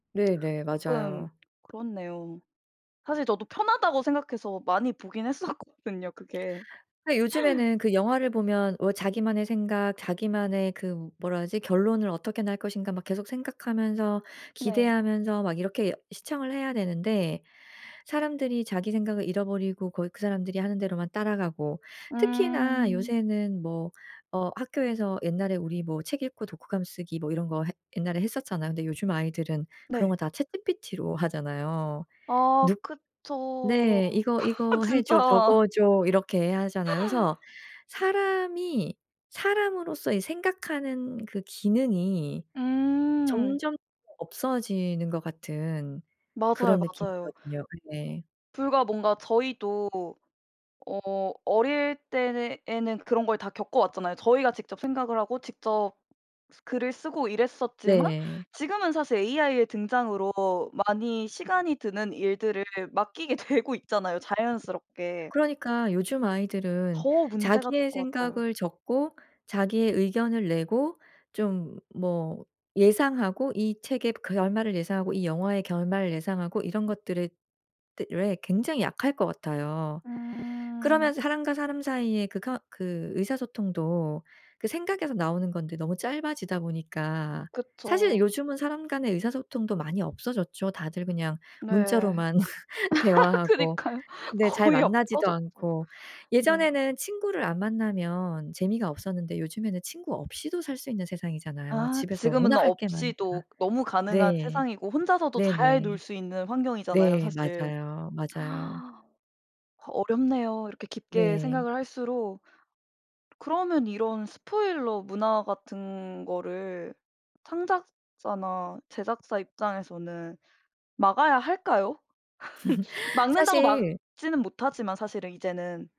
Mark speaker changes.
Speaker 1: 네네.
Speaker 2: 조금
Speaker 1: 맞아요.
Speaker 2: 그렇네요. 사실 저도 편하다고 생각해서 많이 보긴 했었거든요 그게.
Speaker 1: 아 요즘에는 그 영화를 보면 뭐 자기만의 생각 자기만의 그 뭐라 하지 결론을 어떻게 날 것인가 막 계속 생각하면서
Speaker 2: 네.
Speaker 1: 기대하면서 막 이렇게 시청을 해야 되는데 사람들이 자기 생각을 잃어버리고 거기 그 사람들이 하는 대로만 따라가고 특히나
Speaker 2: 음.
Speaker 1: 요새는 뭐 어 학교에서 옛날에 우리 뭐 책 읽고 독후감 쓰기 뭐 이런 거 했 옛날에 했었잖아요. 근데 요즘 아이들은 그런 거
Speaker 2: 네.
Speaker 1: 다 chatGPT로 하잖아요.
Speaker 2: 아
Speaker 1: 눅
Speaker 2: 그쵸.
Speaker 1: 네. "이거 이거 해 줘.
Speaker 2: 진짜.
Speaker 1: 적어 줘. 이렇게 하잖아요." 그래서 사람이 사람으로서 이 생각 하는 그 기능이
Speaker 2: 음.
Speaker 1: 점점 없어지는 것 같은
Speaker 2: 맞아요,
Speaker 1: 그런
Speaker 2: 맞아요.
Speaker 1: 느낌이거든요 그게.
Speaker 2: 불과 뭔가 저희도 어 어릴 때는 에는 그런 걸 다 겪어 왔잖아요. 저희가 직접 생각을 하고 직접 글을 쓰고 이랬었지만
Speaker 1: 네.
Speaker 2: 지금은 사실 AI의 등장으로 많이 시간이 드는 일들을 맡기게 되고 있잖아요 자연스럽게.
Speaker 1: 그러니까 요즘 아이들은
Speaker 2: 더 문제가 될
Speaker 1: 자기의
Speaker 2: 것 같아요.
Speaker 1: 생각을 적고 자기의 의견을 내고 좀 뭐 예상하고 이 책의 결말을 예상하고 이 영화의 결말을 예상하고 이런 것들에 대 에 굉장히 약할 것 같아요.
Speaker 2: 음.
Speaker 1: 그러면서 사람과 사람 사이에 그 커 그 의사소통도 그 생각에서 나오는 건데 너무 짧아지다 보니까 사실
Speaker 2: 그쵸.
Speaker 1: 요즘은 사람 간의 의사소통도 많이 없어졌죠. 다들 그냥
Speaker 2: 네.
Speaker 1: 문자로만 대화하고
Speaker 2: 그니까요.
Speaker 1: 네 잘
Speaker 2: 거의
Speaker 1: 만나지도
Speaker 2: 없어졌죠.
Speaker 1: 않고.
Speaker 2: 네.
Speaker 1: 예전에는 친구를 안 만나면 재미가 없었는데 요즘에는 친구 없이도 살 수 있는 세상이잖아요.
Speaker 2: 아
Speaker 1: 집에서
Speaker 2: 지금은
Speaker 1: 워낙 할 게 많으니까.
Speaker 2: 없이도 너무 가능한
Speaker 1: 네.
Speaker 2: 세상이고 혼자서도 잘 놀
Speaker 1: 네네.
Speaker 2: 수 있는 환경이잖아요
Speaker 1: 네.
Speaker 2: 사실.
Speaker 1: 맞아요, 맞아요.
Speaker 2: 어 어렵네요. 이렇게 깊게
Speaker 1: 네.
Speaker 2: 생각을 할수록 그러면 이런 spoiler 문화 같은 거를 창작자나 제작자 입장에서는 막아야 할까요? 막는다고
Speaker 1: 사실
Speaker 2: 막지는 못하지만 사실은 이제는.